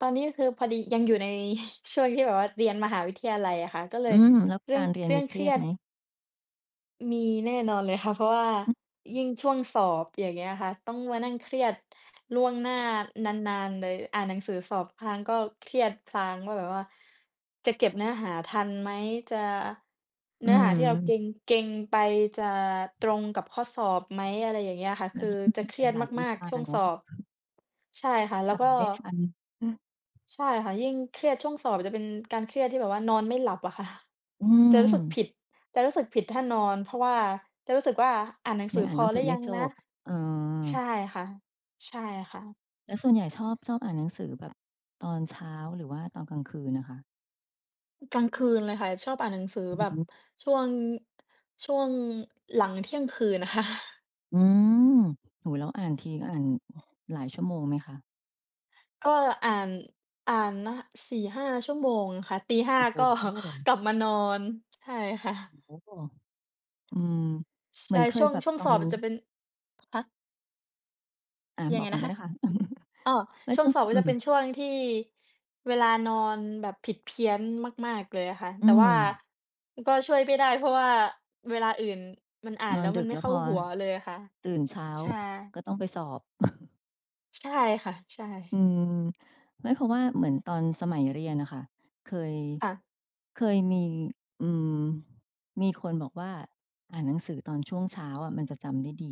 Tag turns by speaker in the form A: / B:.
A: ตอนนี้คือพอดียังอยู่ในช่วงที่แบบว่าเรียนมหาวิทยาลัยอะค่ะ ก็เล
B: อ
A: ย
B: ืม แล้ว
A: เรื่
B: ก
A: อ
B: า
A: ง
B: รเรียน
A: เรื่
B: มี
A: อง
B: เค
A: เค
B: ร
A: ร
B: ี
A: ี
B: ย
A: ย
B: ดไ
A: ด
B: หม?
A: มีแน่นอนเลยค่ะ เพราะว่า
B: อือ
A: ยิ่งช่วงสอบ อย่างเงี้ยค่ะ ต้องมานั่งเครียด ล่วงหน้านาน ๆ เลย อ่านหนังสือสอบพลางก็เครียดพลาง ว่าแบบว่า "จะเก็บเนื้อหาทันไหม? จะ
B: อ
A: เน
B: ื
A: ื้อหาที่เราเก
B: ม
A: ็ง เก็งไปจะตรงกับข้อสอบไหม?" อะไรอย่างเงี้ยค่ะ
B: แล
A: ค
B: ้
A: ื
B: ว
A: อ
B: ยิ่
A: จะ
B: ง
A: เครียด
B: หลาย ๆ ว
A: ม
B: ิ
A: า
B: ช
A: ก
B: า
A: ๆ ช่วง
B: เน
A: ส
B: าะ
A: อบ ใช่ค่ะ แล้
B: อ่
A: ว
B: า
A: ก
B: น
A: ็
B: ไม่ทัน
A: ใช่ค่ะ ยิ่งเครียด ช่วงสอบจะเป็นการเครียดที่แบบว่านอนไม่หลับอะค่ะ
B: อื
A: จะรู้สึก
B: ม
A: ผิด จะรู้สึกผิดถ้านอน เพราะว่าจะรู้สึกว่า "อ่านหนัง
B: ย
A: สื
B: ัง
A: อ
B: อ่า
A: พ
B: นหน
A: อ
B: ังส
A: หร
B: ื
A: ื
B: อ
A: อ
B: ไม
A: ย
B: ่
A: ัง
B: จ
A: นะ?"
B: บ เออ
A: ใช่ค่ะ ใช่ค่ะ
B: แล้วส่วนใหญ่ชอบ ชอบอ่านหนังสือ แบบตอนเช้า หรือว่าตอนกลางคืนอะคะ?
A: กลางคืนเลยค่ะ ชอบอ่านหนังสือ
B: อื
A: แบ
B: อ
A: บ
B: ฮึ
A: ช่วง ช่วงหลังเที่ยงคืน ค่ะ
B: อืม โอ้โฮ แล้วอ่านทีอ่าน หลายชั่วโมงไหมคะ?
A: ก็อ่าน อ่านนะ 4-5 ชั่วโมงค่ะ ตี ห
B: โ
A: ้า
B: อ้โ
A: ก็
B: ฮ
A: กลับมานอน ใช่ค่
B: โ
A: ะ
B: อ้โฮ อือ เ
A: ใ
B: ห
A: ช
B: มือ
A: ่
B: นเค
A: ช่
B: ย
A: วง
B: แบบ
A: ช่วง
B: ตอ
A: สอ
B: น
A: บจะเป็น ฮะ?
B: อา
A: ยั
B: บ
A: งไ
B: อ
A: ง
B: กก่
A: น
B: อน
A: ะ
B: ก็
A: ค
B: ไ
A: ะ?
B: ด้ค่ะ
A: อ้อ
B: แล้ว
A: ช่
B: จ
A: ว
B: ะ
A: งสอบก็
B: อื
A: จะเป
B: ม
A: ็นช่วงที่เวลานอนแบบผิดเพี้ยนมาก ๆ เลยอะค่ะ
B: อื
A: แต่ว่า
B: ม
A: อ ก็ช่วยไม่ได้ เพราะว่าเวลาอื่นมันอ่า
B: น
A: นแ
B: อ
A: ล
B: น
A: ้ว
B: ด
A: มั
B: ึ
A: น
B: ก
A: ไม
B: แ
A: ่
B: ล้ว
A: เข้
B: พ
A: า
B: อ
A: หัวเลยอะค่ะ
B: ตื่นเช้า
A: ใช่
B: ก็ต้องไปสอบ
A: ใช่ค่ะ ใช
B: อ
A: ่
B: ืม ไม่ เพราะว่าเหมือนตอนสมัยเรียนน่ะค่ะ เคย
A: ค่ะ
B: เคยมี อืม มีคนบอกว่า "อ่านหนังสือตอนช่วงเช้าอะมันจะจำได้ดี"